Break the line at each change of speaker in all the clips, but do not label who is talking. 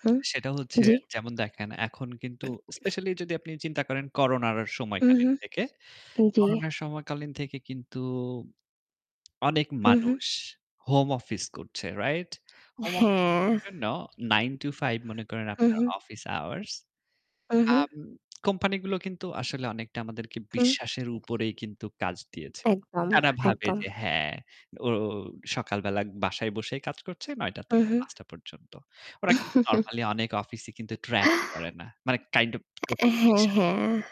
হুম,
সেটা হচ্ছে,
জ্বি।
যেমন দেখেন এখন কিন্তু স্পেশালি যদি আপনি চিন্তা করেন করোনার সময়কালীন
উম-হুম।
থেকে,
আ জ্বী।
করোনার সময়কালীন থেকে কিন্তু অনেক
হুম, হুম।
মানুষ, হোম অফিস করছে, রাইট? হোম অফিস
হ্যাঁ!
করার জন্য 9 to 5 মনে করেন
হুম,
আপনার
হুম।
Office hours.
উম-হুম।
আম কোম্পানিগুলো কিন্তু আসলে অনেকটা আমাদেরকে
হুম।
বিশ্বাসের উপরেই কিন্তু কাজ দিয়েছে।
একদম,
তারা ভাবে
একদম।
যে, "হ্যাঁ, ও সকালবেলা বাসায় বসেই কাজ করছে, ৯ঃ০০
হুম,
থেকে
হুম।
৫ঃ০০ পর্যন্ত।" ওরা কিন্তু নরমালি অনেক অফিসই কিন্তু track ও করে না। মানে কাইন্ড ওফ
এ
টোটালি
হ্যাঁ,
বিশ্বাসের
হ্যাঁ।
উপরে।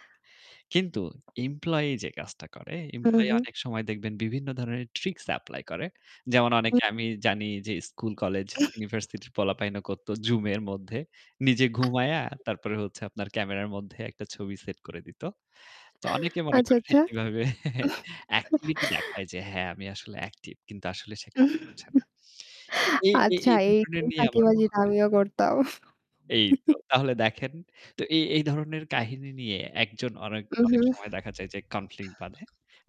কিন্তু এমপ্লয়ি যে কাজটা করে,
হুম,
এমপ্লয়ি
হুম।
অনেক সময় দেখবেন বিভিন্ন ধরনের ট্রিকস এপ্লাই করে। যেমন
উ
অনেকে আমি জানি যে স্কুল, কলেজ,
[unintelligible]
ইউনিভার্সিটির পোলাপাইন করতো Zoom-এর মধ্যে, নিজে ঘুমিয়ে
[unintelligible]
তারপরে হচ্ছে আপনার ক্যামেরার মধ্যে একটা ছবি সেট করে দিত। তো অনেকে মনে
আচ্ছা,
করেন
আচ্ছা।
এভাবে এক্টিভিটি দেখায় যে, "হ্যাঁ আমি আসলে অ্যাকটিভ" কিন্তু আসলে সে কাজ করছে না। এই এই
আচ্ছা
এই
এই
[unintelligible]
[unintelligible]
নিয়ে আমার
ফাঁকিবাজিটা
[unintelligible]
আমিও করতাম।
এই তো! তাহলে দেখেন। তো এই এই ধরনের কাহিনী নিয়ে একজন অনেক অনেক
উম-হুম।
সময় দেখা যায় যে কনফ্লিক্ট বাধে।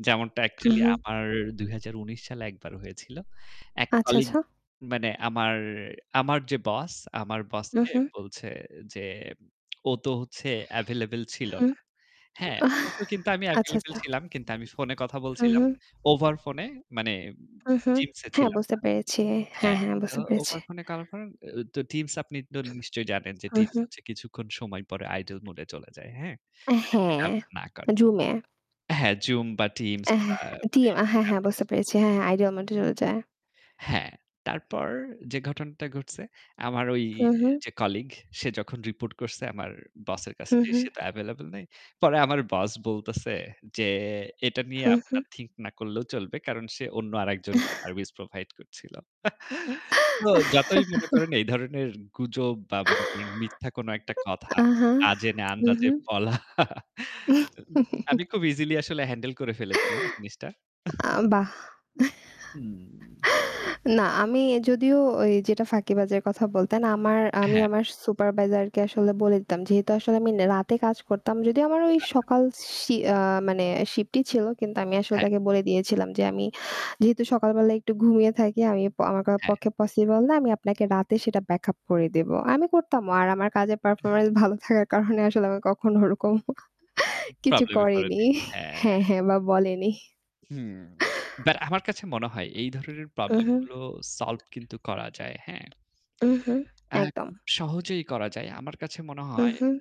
যেমনটা অ্যাকচুয়ালি
উম-হুম।
আমার ২০১৯ সালে একবার হয়েছিল। এক
আচ্ছা,
কলিগ
আচ্ছা।
মানে আমার আমার যে বস, আমার বসকে
উম-হুম।
বলছে যে, "ও তো হচ্ছে এভেইলেবল ছিল
হুম।
না।" হ্যাঁ? অথচ কিন্তু আমি
আচ্ছা,
এভেইলেবল
আচ্ছা।
ছিলাম। কিন্তু আমি ফোনে কথা
হুম,
বলছিলাম।
হুম।
ওভার ফোনে মানে উম
হুম, হুম।
Teams
হ্যাঁ,
ছিলাম
বুঝতে
না
পেরেছি। হ্যাঁ,
হ্যাঁ,
হ্যাঁ,
তো
বুঝতে পেরেছি।
ওভার ফোনে করার পর অ তো Teams আপনি তো নিশ্চয়ই জানেন যে
হুম,
Teams
হুম।
হচ্ছে কিছুক্ষণ সময় পরে idle মুড এ চলে যায়, হ্যাঁ?
আ
যদি আপনি
হ্যাঁ,
ব্যবহার না কর
আ Zoom-এ।
হ্যাঁ Zoom বা Teams
অ্যা
বা মানে
Team
[unintelligible]
আ হ্যাঁ, হ্যাঁ বুঝতে
অ্যাপ্লিকেশন
পেরেছি।
গুলো।
হ্যাঁ, হ্যাঁ idle মুডে চলে যায়।
হ্যাঁ, তারপর যে ঘটনাটা ঘটছে, আমার ওই
হুম, হুম।
যে কলিগ, সে যখন রিপোর্ট করছে আমার বসের কাছে
হুম,
যে,
হুম।
"সে তো এভেইলেবল নাই।" পরে আমার বস বলতেছে যে, "এটা নিয়ে
হুম, হুম।
আপনার থিংক না করলেও চলবে। কারণ সে অন্য আরেকজনকে সার্ভিস প্রোভাইড করছিল।" তো যতই মনে করেন এই ধরনের গুজব বা মনে করেন মিথ্যা কোন একটা কথা,
আহা।
না জেনে আন্দাজে
উ-হুম।
বলা আমি খুব ইজিলি আসলে হ্যান্ডেল করে ফেলেছিলাম জিনিসটা।
আ বাহ!
হুম।
না, আমি যদিও ওই যেটা ফাঁকিবাজের কথা বলতেন, আমার আমি
হ্যাঁ।
আমার সুপারভাইজার কে আসলে বলে দিতাম। যেহেতু আসলে আমি নে রাতে কাজ করতাম, যদিও আমার ওই
আচ্ছা।
সকাল শি আ মানে শিফটই ছিল, কিন্তু আমি আসলে
হ্যাঁ।
তাকে বলে দিয়েছিলাম যে, "আমি যেহেতু সকালবেলায় একটু ঘুমিয়ে থাকি আমি আমার করা
হ্যাঁ।
পক্ষে পসিবল না। আমি আপনাকে রাতে সেটা ব্যাকআপ করে দেব।" আমি করতামও। আর আমার কাজের পারফরম্যান্স ভালো থাকার কারণে আসলে আমি কক্ষনও ওরকম
উম
কিছু
প্রবলেম এ
করেনি
পড়েনি। হ্যাঁ।
হ্যাঁ, হ্যাঁ, বা বলেনি।
হুম। বাট আমার কাছে মনে হয়, এই ধরনের প্রবলেম
উম-হুম।
গুলো সলভ কিন্তু করা যায়, হ্যাঁ?
উম-হুম।
আ
একদম।
খুব সহজেই করা যায়। আমার কাছে মনে হয়
উম-হুম।